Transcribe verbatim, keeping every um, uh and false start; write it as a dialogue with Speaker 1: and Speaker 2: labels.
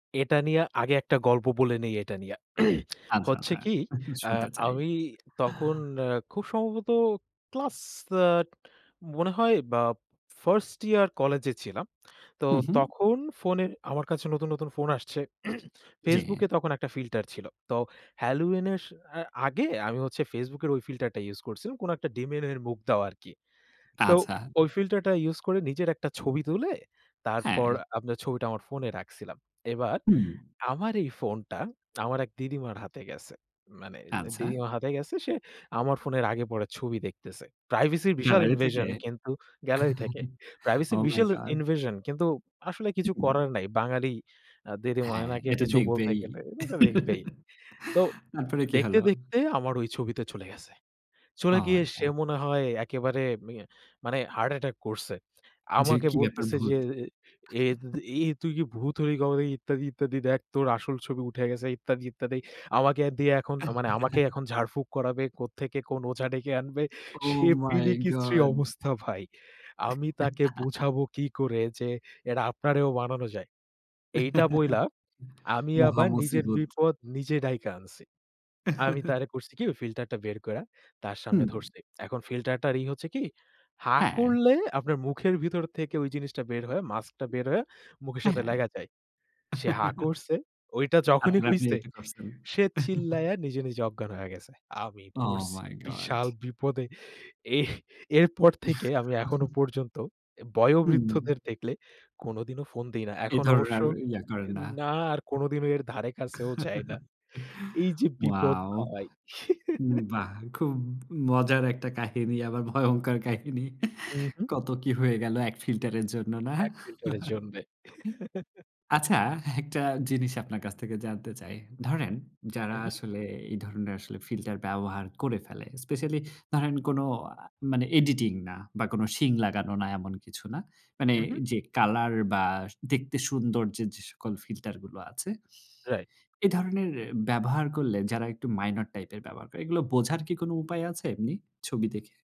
Speaker 1: এটা নিয়া আগে একটা গল্প বলে নেই এইটা নিয়া।
Speaker 2: আচ্ছা,
Speaker 1: হচ্ছে
Speaker 2: আচ্ছা।
Speaker 1: কি? অ্যা
Speaker 2: শুনতে চাই।
Speaker 1: আমি তখন অ্যা খুব সম্ভবত ক্লাস আ মনে হয় বা first ইয়ার কলেজে ছিলাম। তো
Speaker 2: হু, হু।
Speaker 1: তখন ফোনের আমার কাছে নতুন, নতুন ফোন আসছে।
Speaker 2: জ্বী।
Speaker 1: Facebook এ তখন একটা ফিল্টার ছিল। তো halloween এর স আ আগে আমি হচ্ছে Facebook এর ঐ ফিল্টার টা ইউজ করছিলাম কোনো একটা demon এর মুখ দেওয়া আরকি। তো
Speaker 2: আচ্ছা।
Speaker 1: ওই ফিল্টারটা ইউজ করে নিজের একটা ছবি তুলে,
Speaker 2: হ্যাঁ।
Speaker 1: তারপর আপনার ছবিটা আমার ফোনে রাখছিলাম। এবার
Speaker 2: হুম।
Speaker 1: আমার এই ফোনটা আমার এক দিদিমার হাতে গেছে, মানে
Speaker 2: আচ্ছা।
Speaker 1: দিদিমা হাতে গেছে। সে আমার ফোনের আগে-পরে ছবি দেখতেছে। প্রাইভেসির বিশাল
Speaker 2: গ্যালারি থেকে?
Speaker 1: invasion কিন্তু গ্যালারি থেকে। প্রাইভেসির
Speaker 2: ওহ মাই
Speaker 1: বিশেল
Speaker 2: গড!
Speaker 1: invasion কিন্তু আসলে কিছু করার নাই। বাঙালি আ দিদিমা
Speaker 2: হ্যাঁ,
Speaker 1: এনাকে
Speaker 2: এটা
Speaker 1: কিছু বলতে
Speaker 2: দেখবেই।
Speaker 1: গেলে এজা দেখবেই। তো
Speaker 2: তারপরে কি
Speaker 1: দেখতে,
Speaker 2: হলো?
Speaker 1: দেখতে আমার ঐ ছবিতে চলে গেছে। চলে
Speaker 2: ওহ
Speaker 1: গিয়ে
Speaker 2: মাই
Speaker 1: সে
Speaker 2: গড!
Speaker 1: মনে হয় একেবারে মিয়ে মানে হার্ট অ্যাটাক করছে।
Speaker 2: যে
Speaker 1: আমাকে
Speaker 2: কী ব্যাপার
Speaker 1: বলতেছে যে
Speaker 2: ভূত?
Speaker 1: "এ তু তু এ তুই কি ভূত হলি কবে নাকি? ইত্যাদি, ইত্যাদি দেখ তোর আসল ছবি উঠে গেছে ইত্যাদি, ইত্যাদি।" আমাকে দিয়ে এখন আ মানে আমাকেই এখন ঝাড়ফুক করাবে। কোত্থেকে কোন ওঝা ডেকে আনবে।
Speaker 2: ওহ
Speaker 1: সে
Speaker 2: মাই
Speaker 1: বিদিকিচ্ছিরি
Speaker 2: গড!
Speaker 1: অবস্থা ভাই। আমি তাকে বুঝাবো কি করে যে এটা আপনারেও বানানো যায়? এইটা বইলা আমি
Speaker 2: মহা
Speaker 1: আবার নিজের
Speaker 2: মুসিবত।
Speaker 1: বিপদ নিজে ডাইকা আনছি। আমি তারে করছি কি? ওই ফিল্টারটা বের কইরা তার সামনে
Speaker 2: হুম।
Speaker 1: ধরছি। এখন ফিল্টার টার ই হচ্ছে কি? হাঁ
Speaker 2: হ্যাঁ।
Speaker 1: করলে আপনার মুখের ভিতর থেকে ওই জিনিসটা বের হয়ে মাস্কটা বের হয়ে মুখের
Speaker 2: অ্যা
Speaker 1: সাথে
Speaker 2: হ্যাঁ।
Speaker 1: লাইগা যায়। সে হা করছে, ঐটা যখনই
Speaker 2: আপনা-আপনি
Speaker 1: হইছে
Speaker 2: এইটা করছেন।
Speaker 1: সে চিল্লাইয়া নিজে, নিজে অজ্ঞান হয়া গেছে। আমি
Speaker 2: ওহ
Speaker 1: পড়ছি
Speaker 2: মাই গড!
Speaker 1: বিশাল বিপদে। এহ এরপর থেকে আমি এখনো পর্যন্ত এ
Speaker 2: হুম।
Speaker 1: বয়ঃবৃদ্ধদের দেখলে কোনোদিনও ফোন দিই না।
Speaker 2: এ
Speaker 1: এখন
Speaker 2: ধরনের
Speaker 1: অবশ্য
Speaker 2: আর ইয়া
Speaker 1: ই
Speaker 2: করেন না।
Speaker 1: না আর কোনোদিনও এর ধারে কাছেও যাই না। এইযে বিপদ
Speaker 2: ওয়াও!
Speaker 1: ভাই।
Speaker 2: উম বাহ! খুব মজার একটা কাহিনী আবার ভয়ংকর কাহিনী।
Speaker 1: উ হু।
Speaker 2: কত কী হয়ে গেল এক ফিল্টার এর জন্য, না?
Speaker 1: এক ফিল্টার এর জন্যে।
Speaker 2: আচ্ছা একটা জিনিস আপনার কাছ থেকে জানতে চাই। ধরেন যারা
Speaker 1: হু, হু।
Speaker 2: আসলে এই ধরনের আসলে ফিল্টার ব্যবহার করে ফেলে। স্পেশালি ধরেন কোনো আ মানে এডিটিং না বা কোনো শিং লাগানো না এমন কিছু না। মানে
Speaker 1: হু, হু।
Speaker 2: যে কালার বা দেখতে সুন্দর যে, যে সকল ফিল্টার গুলো আছে।
Speaker 1: রাইট।
Speaker 2: এ ধরনের এ ব্যবহার করলে যারা একটু মাইনর টাইপের ব্যবহার করে, এগুলো বোঝার কি কোনো উপায় আছে এমনি, ছবি দেখে?